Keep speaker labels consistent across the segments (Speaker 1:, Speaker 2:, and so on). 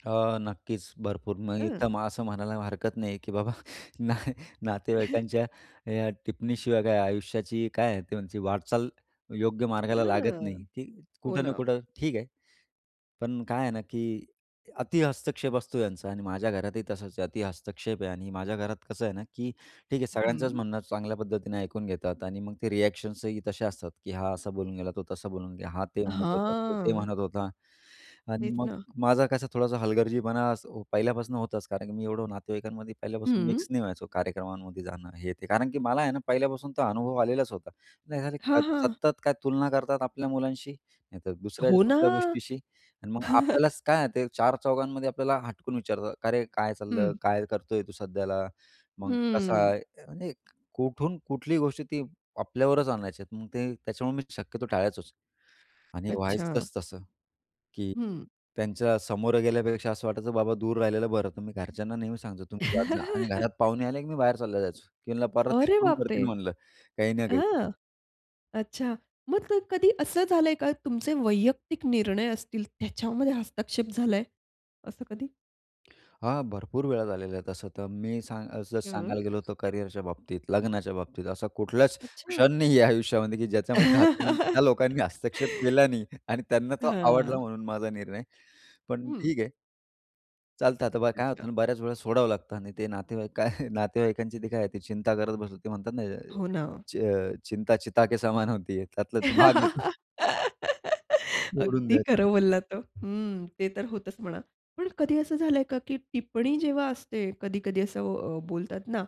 Speaker 1: अ, नक्कीच. भरपूर. मी
Speaker 2: हं.
Speaker 1: तर असं म्हणायला हरकत नाही, की "बाबा, न अ नातेवाईकांच्या अ, या टिप्पणीशिवाय काय, आयुष्याची काय आहे?" ते म्हणते, वाटचाल योग्य मार्गाला लागत
Speaker 2: हं,
Speaker 1: नाही की
Speaker 2: हो
Speaker 1: कुठं ना
Speaker 2: ना.
Speaker 1: कुठं ठीक आहे, पण काय आहे ना, की अतिहस्तक्षेप असतो यांचा अन् माझ्या घरातही तसाच आहे. अतिहस्तक्षेप आहे आणि माझ्या घरात कसं आहे ना, की ठीक आहे, सगळ्यांचंच
Speaker 2: हं.
Speaker 1: म्हणणं चांगल्या पद्धतीने ऐकून घेतात आणि मग ते रिएक्शन्स ही तसे असतात, की "हा असा बोलून गेला, तो तसा बोलून गेला. हा ते म्हणत होता, तो ते
Speaker 2: हां.
Speaker 1: म्हणत होता." आणि
Speaker 2: तेच
Speaker 1: मग
Speaker 2: ना.
Speaker 1: माझं कसं, थोडासा हलगर्जीपणा असं पहिल्यापासून होत होताच. कारण की मी एवढं नातेवाईकांमध्ये पहिल्यापासून
Speaker 2: हं.
Speaker 1: मिक्स नाही व्हायचो, कार्यक्रमांमध्ये जाणं हे ते. कारण की मला आहे ना, पहिल्यापासून तो अनुभव आलेलाच होता. नाही, झाले
Speaker 2: हां,
Speaker 1: [unintelligible]
Speaker 2: हां.
Speaker 1: सतत काय, तुलना करतात आपल्या मुलांशी, नाही तर दुसऱ्या
Speaker 2: हो ना.
Speaker 1: कुठल्या गोष्टीशी अन् मग आपल्यालाच काय आहे ते, चार-चौघांमध्ये आपल्याला हटकून विचारतात, का, "अरे, काय
Speaker 2: हं.
Speaker 1: चाललं? काय करतोय तू सध्याला? मग कसा
Speaker 2: हं.
Speaker 1: आहे?" आणि कुठून कुठलीही गोष्टी ती आपल्यावरच आणायचे आहेत. मग ते त्याच्यामुळे मी शक्यतो टाळायचोच आणि
Speaker 2: अच्छा.
Speaker 1: व्हायचंच तसं, की
Speaker 2: हं.
Speaker 1: त्यांच्या समोरं गेल्यापेक्षा असं वाटायचं, बाबा, दूर राहिलेलं बरं. तुम्ही घरच्यांना नेहमी सांगतो, "तुम्ही जात जा." आणि घरात पाहुणे आले, की मी बाहेर चालला जायचो. की म्हंटलं, "परत ते
Speaker 2: अरे
Speaker 1: सुरू
Speaker 2: बाप रे!
Speaker 1: करतील," म्हणलं, "काही ना काही."
Speaker 2: हं, अच्छा. मग ते कधी असं झालंय का तुमचे वैयक्तिक निर्णय असतील त्याच्यामध्ये हस्तक्षेप झालाय असं कधी?
Speaker 1: अ, हां, भरपूर वेळा झालेल्या आहेत तसं तर मी सांग जसं सांगायला
Speaker 2: हं.
Speaker 1: गेलो होतो करियरच्या बाबतीत, लग्नाच्या बाबतीत असा कुठलाच
Speaker 2: अच्छा.
Speaker 1: क्षण नाही आहे आयुष्यामध्ये, की ज्याच्यामध्ये [unintelligible] त्या लोकांनी हस्तक्षेप केला नाही आणि त्यांना तो आवडला
Speaker 2: हां.
Speaker 1: म्हणून माझा निर्णय. पण
Speaker 2: हं.
Speaker 1: ठीक आहे. चालतं आता बा काय
Speaker 2: अच्छा.
Speaker 1: होतं ना, बऱ्याच वेळा सोडावं लागतं आणि ते नातेवाईक, काय नातेवाईकांची ती काय चिंता करत बसतात. ते म्हणतात ना,
Speaker 2: हो ना.
Speaker 1: "च चिंता चिता के समान होती है." त्यातला भाग आहे तो. सोडून
Speaker 2: अगदी
Speaker 1: द्यायचं.
Speaker 2: खरं बोललात हो हं, ते तर होतंच, म्हणा. पण कधी असं झालंय का, की टिप्पणी जेव्हा असते, कधी-कधी असं अ, बोलतात ना,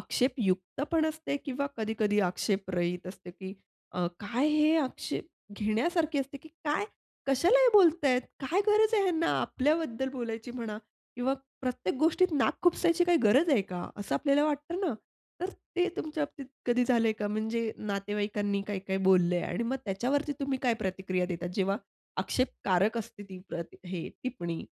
Speaker 2: आक्षेपयुक्त पण असते किंवा कधी-कधी आक्षेपरहित असते की अ, काय, हे आक्षेप घेण्यासारखे असते की काय? कशाला हे बोलतायेत? काय गरज आहे ह्यांना आपल्याबद्दल बोलायची? म्हणा, किंवा प्रत्येक गोष्टीत नाक खुपसायची, काय गरज आहे का? असं आपल्याला वाटतं ना. तर ते तुमच्याबाबतीत कधी झालंय का? म्हणजे नातेवाईकांनी काय-काय बोललंय, आणि मग त्याच्यावरती तुम्ही काय प्रतिक्रिया देतात, जेव्हा आक्षेपकारक असते ती प्रति हे टिप्पणी?